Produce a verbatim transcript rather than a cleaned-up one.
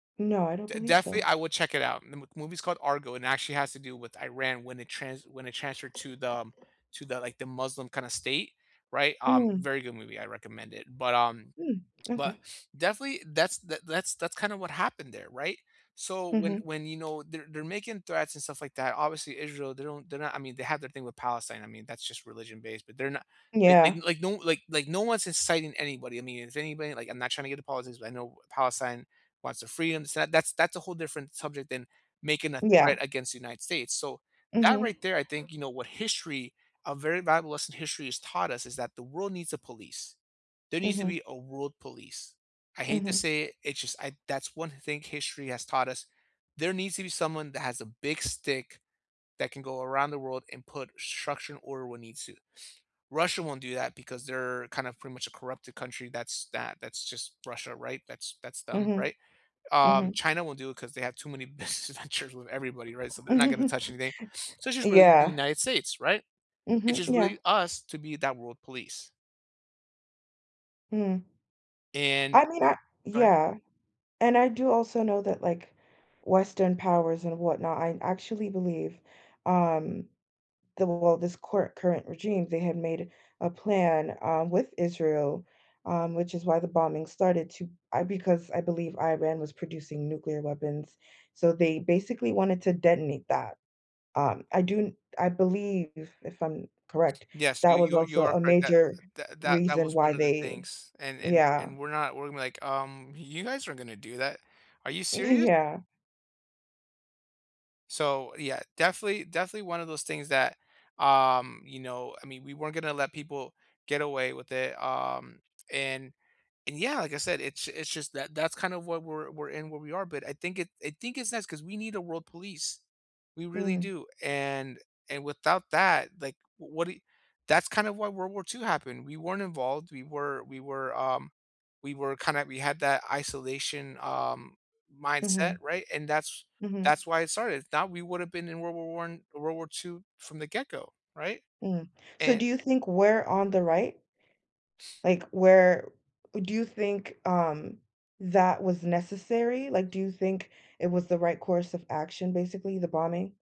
No, I don't D believe definitely, so. I would check it out. The mo movie's called Argo and actually has to do with Iran when they trans when it transferred to the, um, to the, like, the Muslim kinda state, right? Um, Mm. very good movie, I recommend it. But, um, Mm, but okay. definitely, that's the that's that's kinda what happened there, right? So, when Mhm. when, you know, they're they're making threats and stuff like that, obviously Israel, they don't they're not I mean, they have their thing with Palestine, I mean, that's just religion-based, but they're no like like Yeah. like no like like one's inciting anybody. I mean, if anybody like, I'm not trying to get to politics, but I know Palestine wants their freedom, so that that's a whole different subject than making a Yeah. threat against the United States, so, that, Mhm. right there, I think, you know, what history a very valuable lesson history has taught us is that the world needs a police. There needs to Mhm. be a world police. I hate to Mhm. say it, it's just I that's one thing history has taught us. There needs to be someone that has a big stick that can go around the world and put structure and order when it needs to. Russia won't do that because they're kind of pretty much a corrupted country, that's that that's just Russia, right? That's that's them, Mhm. right? Um, Mhm. China won't do it 'cause they have too many business ventures with everybody, right? So, they're not gonna touch anything. So, it's Y just really the yeah. United States, right? It's Mhm. just Yeah. really us to be that world police. Hmm. And I mean, I go ahead. yeah. And I do also know that, like, Western powers and whatnot I actually believe, um, the well, this cor current regime, they had made a plan, um, with Israel, um, which is why the bombing started to I because, I believe, Iran was producing nuclear weapons, so, they basically wanted to detonate that. Um, I do n I believe, if I'm correct, Yes, you that was you are also you are a correct, that major that that reason was why one of the they things and and yeah. and we're not we're gonna be like, "Um, you guys aren't gonna do that. Are you serious?" Yeah. So, yeah, definitely definitely one of those things that, um, you know, I mean, we weren't gonna let people get away with it. Um, and and yeah, like I said, it's it's just that that's kind of what we're we're in, where we are. But I think it I think it's nice 'cause we need a world police. We really Mm. do. And and without that, like, w what do you that's kind of why World War two happened. We weren't involved. We were we were, um, we were kinda we had that isolation, um, mindset, Mhm. right? And that's Mhm. that's why it started. Now, we would have been in World War one World War two from the get go, right? Mm. So, And do you think we're on the right? S Like, we're Do you think, um, that was necessary? Like, do you think it was the right course of action, basically, the bombing?